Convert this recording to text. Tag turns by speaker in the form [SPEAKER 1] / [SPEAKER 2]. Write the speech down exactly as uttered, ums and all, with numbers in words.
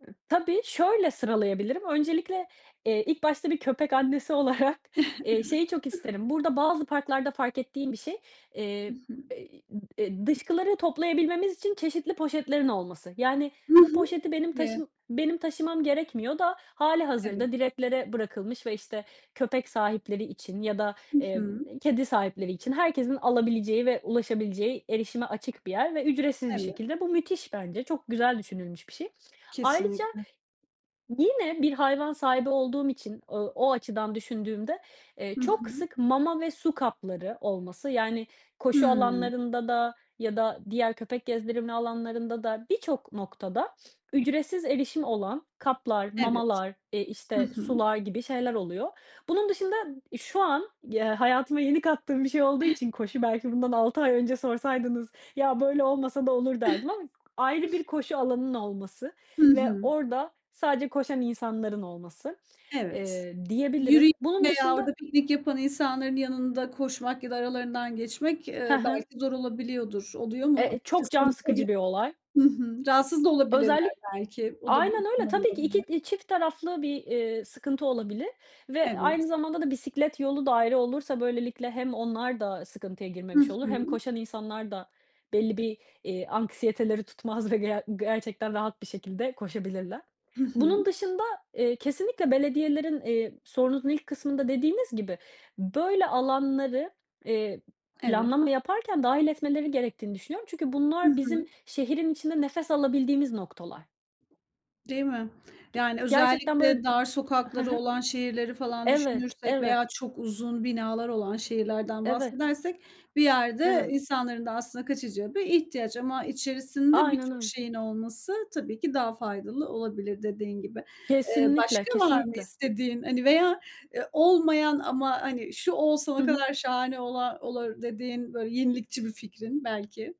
[SPEAKER 1] Iıı, tabii. Şöyle sıralayabilirim: Öncelikle, eee, ilk başta bir köpek annesi olarak, eee,
[SPEAKER 2] Evet.
[SPEAKER 1] şeyi çok isterim burada bazı parklarda fark ettiğim bir şey,
[SPEAKER 2] Hı
[SPEAKER 1] eee,
[SPEAKER 2] hı.
[SPEAKER 1] be i ıb eee, dışkıları toplayabilmemiz için çeşitli poşetlerin olması. Yani,
[SPEAKER 2] Hı
[SPEAKER 1] bu
[SPEAKER 2] hı.
[SPEAKER 1] poşeti benim
[SPEAKER 2] [unintelligible]
[SPEAKER 1] taşım benim taşımam gerekmiyor da
[SPEAKER 2] Evet.
[SPEAKER 1] hâlihazırda direklere bırakılmış ve, işte, köpek sahipleri için ya da,
[SPEAKER 2] Hı
[SPEAKER 1] eee,
[SPEAKER 2] hı.
[SPEAKER 1] b kedi sahipleri için herkesin alabileceği ve ulaşabileceği erişime açık bir yer ve ücretsiz bir
[SPEAKER 2] Evet.
[SPEAKER 1] şekilde. Bu müthiş. Bence çok güzel düşünülmüş bir şey. Ayrıca
[SPEAKER 2] Kesinlikle.
[SPEAKER 1] yine bir hayvan sahibi olduğum için, ııı, o açıdan düşündüğümde, eee,
[SPEAKER 2] Hı
[SPEAKER 1] çok
[SPEAKER 2] hı.
[SPEAKER 1] sık mama ve su kapları olması, yani, koşu
[SPEAKER 2] Hımm.
[SPEAKER 1] alanlarında da ya da diğer köpek gezdirilme alanlarında da birçok noktada ücretsiz erişim olan kaplar,
[SPEAKER 2] Evet,
[SPEAKER 1] mamalar, eee,
[SPEAKER 2] hı
[SPEAKER 1] işte,
[SPEAKER 2] hı.
[SPEAKER 1] sular gibi şeyler oluyor. Bunun dışında ıb şu an y eee, hayatıma yeni kattığım bir şey olduğu için koşu, belki bundan altı ay önce sorsaydınız: "Ya, böyle olmasa da olur." derdim ama ayrı bir koşu alanının olması
[SPEAKER 2] Hı
[SPEAKER 1] ve
[SPEAKER 2] hı.
[SPEAKER 1] orada sadece koşan insanların olması,
[SPEAKER 2] Evet,
[SPEAKER 1] eee, diyebilirim.
[SPEAKER 2] yürüyen
[SPEAKER 1] Bunun
[SPEAKER 2] veya
[SPEAKER 1] dışında
[SPEAKER 2] orada piknik yapan insanların yanında koşmak ya da aralarından geçmek,
[SPEAKER 1] He
[SPEAKER 2] eee,
[SPEAKER 1] he.
[SPEAKER 2] belki zor olabiliyordur. Oluyor
[SPEAKER 1] E
[SPEAKER 2] mu?
[SPEAKER 1] e, çok
[SPEAKER 2] Açıkçası
[SPEAKER 1] can
[SPEAKER 2] olsa bile
[SPEAKER 1] sıkıcı bir olay.
[SPEAKER 2] Hı hı. Rahatsız da olabilirler
[SPEAKER 1] Özellik
[SPEAKER 2] belki, o da bir
[SPEAKER 1] Aynen öyle,
[SPEAKER 2] ihtimal
[SPEAKER 1] tabii ki.
[SPEAKER 2] olabilir.
[SPEAKER 1] iki d çift taraflı bir, eee, sıkıntı olabilir ve
[SPEAKER 2] Evet.
[SPEAKER 1] aynı zamanda da bisiklet yolu da ayrı olursa, böylelikle hem onlar da sıkıntıya
[SPEAKER 2] Hı
[SPEAKER 1] girmemiş olur hem
[SPEAKER 2] hı.
[SPEAKER 1] koşan insanlar da belli bir, eee, anksiyeteleri tutmaz ve ger gerçekten rahat bir şekilde koşabilirler.
[SPEAKER 2] Hı
[SPEAKER 1] Bunun
[SPEAKER 2] hı.
[SPEAKER 1] dışında, eee, kesinlikle belediyelerin, eee, sorunuzun ilk kısmında dediğiniz gibi böyle alanları, eee,
[SPEAKER 2] Evet.
[SPEAKER 1] planlama yaparken dâhil etmeleri gerektiğini düşünüyorum. Çünkü
[SPEAKER 2] Hı
[SPEAKER 1] bunlar bizim
[SPEAKER 2] hı.
[SPEAKER 1] şehrin içinde nefes alabildiğimiz noktalar.
[SPEAKER 2] Değil mi?
[SPEAKER 1] Ge
[SPEAKER 2] Yani,
[SPEAKER 1] gerçekten böyle
[SPEAKER 2] özellikle
[SPEAKER 1] d
[SPEAKER 2] dar
[SPEAKER 1] He
[SPEAKER 2] sokakları
[SPEAKER 1] he.
[SPEAKER 2] olan şehirleri falan
[SPEAKER 1] Evet,
[SPEAKER 2] düşünürsek veya
[SPEAKER 1] evet.
[SPEAKER 2] çok uzun binalar olan şehirlerden
[SPEAKER 1] Evet.
[SPEAKER 2] bahsedersek bir yerde
[SPEAKER 1] Evet.
[SPEAKER 2] insanların da aslında kaçacağı bir ihtiyaç ama içerisinde
[SPEAKER 1] Aynen
[SPEAKER 2] birçok
[SPEAKER 1] öyle.
[SPEAKER 2] şeyin olması tabii ki daha faydalı olabilir dediğin gibi. Eee,
[SPEAKER 1] Kesinlikle,
[SPEAKER 2] başka var mı
[SPEAKER 1] kesinlikle.
[SPEAKER 2] istediğin, hani, veya, eee, olmayan ama, hani, şu olsa
[SPEAKER 1] Hı
[SPEAKER 2] ne
[SPEAKER 1] hı.
[SPEAKER 2] kadar şahane ola olur dediğin böyle yenilikçi bir fikrin belki?